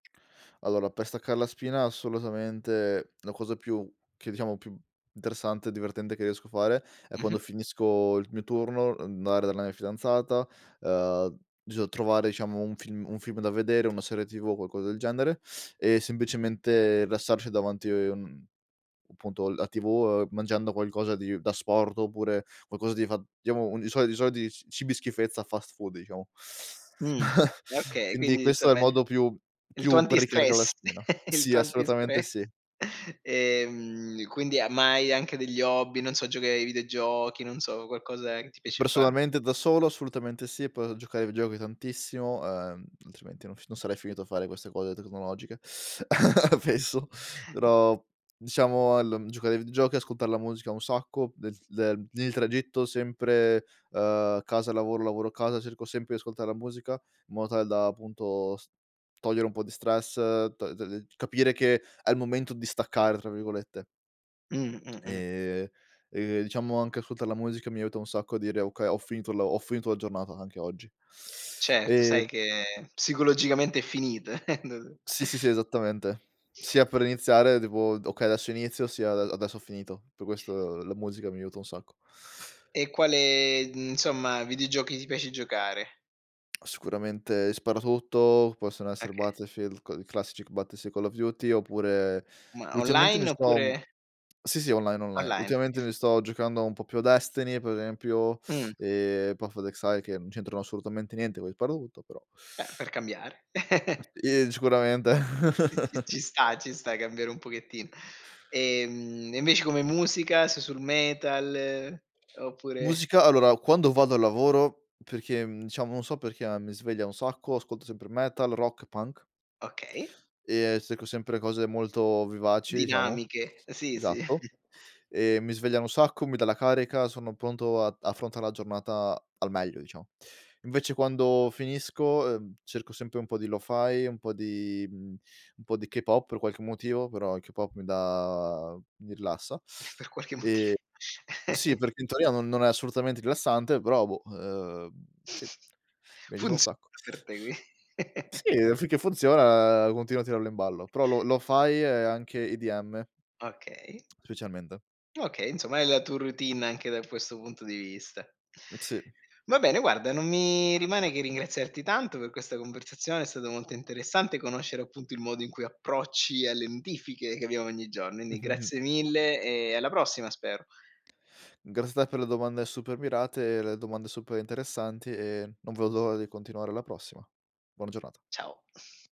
Allora per staccar la spina, assolutamente, la cosa più che diciamo più interessante e divertente che riesco a fare è, quando Mh-mh. finisco il mio turno, andare dalla mia fidanzata, uhm, bison trovare diciamo un film un film da vedere, una serie tv o qualcosa del genere e semplicemente rilassarci davanti, mhmm, appunto la tv, uhm, mangiando qualcosa di d'asporto oppure qualcosa di fa [unintelligible] di solito i soliti ci cibi schifezza, fast food diciamo. Mh, okay, Quindi quindi questo è il insomma è il modo più il tuo più per ricaricar la antistress, spina. il Sì, tuo assolutamente antistress. sì. Ehm, quindi ma hai anche degli hobby, non so giochi ai videogiochi, non so qualcosa che ti piace fa Personalmente da solo assolutamente sì, poi giocare ai videogiochi tantissimo, ehm, altrimenti non f non sarei finito a fare queste cose tecnologiche spesso. Però al diciamo giocare ai videogiochi, ascoltar la musica un sacco del del il tragitto sempre, uhm, casa lavoro, lavoro casa, cerco sempre di ascoltare la musica, in modo tale da appunto s togliere un po' di stress, t t capire che è il momento di "staccare", tra virgolette. Mh, mh, mh. Ehm, e diciamo anche ascoltar la musica mi aiuta un sacco a dire: "Okay, ho finito la ho finito la giornata anche oggi." Certo sai Ehm che psicologicamente è finita [unintelligible] Sì, sì, sì esattamente, sia per iniziare devo d: "Okay adesso inizio sia a adesso ho finito." Per questo la musica mi aiuta un sacco. E quale, insomma, videogiochi ti piace giocare? Ah, sicuramente i sparatutto, possono essere Oka Battlefield c i classici c Battle sì Call of Duty oppure Ma ultimamente mi online, sto oppure Sì, sì online, online, Online, ultimamente oka mi sto giocando un po' più a Destiny per esempio Mh. e [unintelligible] che non c'entrano assolutamente niente, coi sparatutto però Beh per cambiare. Sì sicuramente. Sì, sì ci sta, ci sta cambiare un pochettino. Ehm, e invece come musica, sei sul metal, oppure Musica allora quando vado al lavoro, perché mhmm, diciamo non so perché ma mi sveglia un sacco, ascolto sempre metal, rock, punk Okay. e cerco sempre cose molto vivaci, diciamo, Dinamiche, sì, sì. esatto. E mi svegliano un sacco, mi dà la carica, sono pronto ad affrontare la giornata al meglio, diciamo. Invece quando finisco, uhm, cerco sempre un po' di lo-fi, un po' di un po' di K-pop per qualche motivo però il K-pop mi dà mi rilassa. Per qualche moti E sì, perché in teoria no non è assolutamente rilassante, però boh, uhm sì, mi aiuta un Funziona sacco. per te qui Sì finché funziona continuo a tirarlo in ballo, però lo lo-fai e anche IDM. Okay. Specialmente. Okay, insomma hai la tu routine anche da questo punto di vista. Mh, sì. Va bene guarda non mi rimane che ringraziarti tanto per questa conversazione, è stato molto interessante conoscere appunto il modo in cui approcci alle notifiche, che abbiamo ogni giorno, indi grazie mille e alla prossima spero. Grazie a te per le domande super mirate e le domande super interessanti e non vedo l'ora di continuare alla prossima. Buona giornata. Ciao.